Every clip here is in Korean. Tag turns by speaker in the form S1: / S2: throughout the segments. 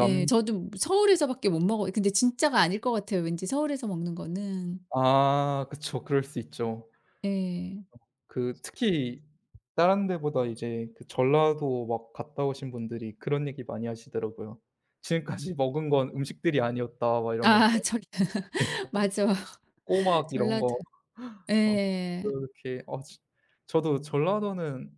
S1: 예. 저도 무 서울에서 밖에 못 먹어요. 근데 진짜가 아닐 것 같아요, 왠지 서울에서 먹는 거는.
S2: 아 그쵸. 그럴 수 있죠.
S1: 예.
S2: 그 특히 다른 데보다 이제 그 전라도 막 갔다 오신 분들이 그런 얘기 많이 하시더라고요. "지금까지 먹은 건 음식들이 아니었다." 막 이러면서.
S1: 아. 저기
S2: 네.
S1: 맞아요,
S2: 꼬막 이런
S1: 전라도.
S2: 거 어
S1: 예.
S2: 그렇게 어 즈 저도 전라도는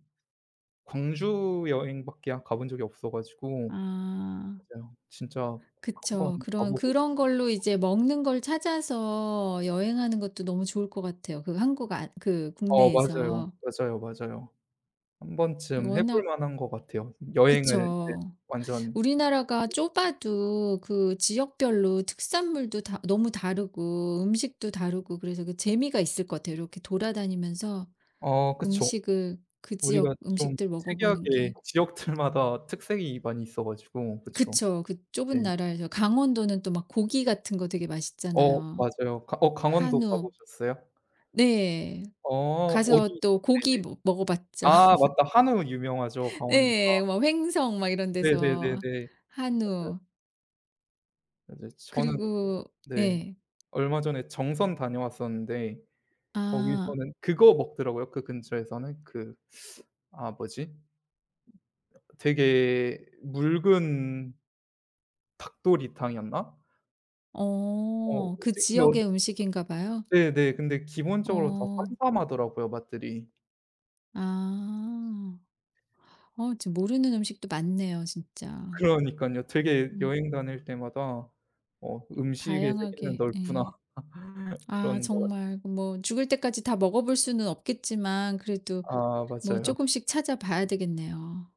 S2: 광주 여행밖에 가본 적이 없어 가지고
S1: 아.
S2: 맞아요. 진짜 한번
S1: 그쵸. 그런
S2: 가보고 싶어요.
S1: 그런 걸로 이제 먹는 걸 찾아서 여행하는 것도 너무 좋을 것 같아요, 그 한국 아 그
S2: 어 맞아요.
S1: 국내에서.
S2: 맞아요, 맞아요. 한번쯤 해볼
S1: 워낙
S2: 만한 것 같아요. 여행을 이제
S1: 그쵸.
S2: 완전
S1: 우리나라가 좁아도 그 지역별로 특산물도 다 너무 다르고 음식도 다르고 그래서 그 재미가 있을 것 같아요, 이렇게 돌아다니면서
S2: 어 그쵸.
S1: 음식을 그
S2: 우리가
S1: 지역
S2: 좀
S1: 음식들 먹어보는
S2: 특이하게
S1: 게.
S2: 지역들마다 특색이 많이 있어 가지고 그쵸.
S1: 그쵸. 그
S2: 네.
S1: 좁은 나라에서 강원도는 또 막 고기 같은 거 되게
S2: 어
S1: 맛있잖아요.
S2: 맞아요. 어 강원도 가
S1: 한우
S2: 보셨어요?
S1: 네.
S2: 어 어디?
S1: 가서 또 고기
S2: 네네.
S1: 모 먹어 봤죠.
S2: 아 맞다. 한우 유명하죠 강원도가.
S1: 예예. 뭐 횡성 막 이런 데서
S2: 네네네네. 맞아요.
S1: 한우.
S2: 맞아요. 저는
S1: 그리고
S2: 네.
S1: 예.
S2: 얼마 전에 정선 다녀왔었는데
S1: 아.
S2: 거기서는 그거 먹더라고요, 그 근처에서는. 그 아 뭐지? 되게 묽은 닭도리탕이었나? 어.
S1: 어. 그
S2: [unintelligible]
S1: 지역의 음식인가 봐요.
S2: 네네. 근데 기본적으로 다
S1: 어.
S2: 삼삼하더라고요 맛들이.
S1: 아. 어 진짜 모르는 음식도 많네요 진짜.
S2: 그러니깐요. 되게
S1: 음.
S2: 여행 다닐 때마다 어 '음식의 세계는
S1: 다양하게
S2: 넓구나.'
S1: 예. 아.
S2: 그런 것 같아요.
S1: 정말 뭐 죽을 때까지 다 먹어볼 수는 없겠지만 그래도
S2: 아
S1: 뭐
S2: 맞아요.
S1: 쪼끔씩 찾아 봐야 되겠네요.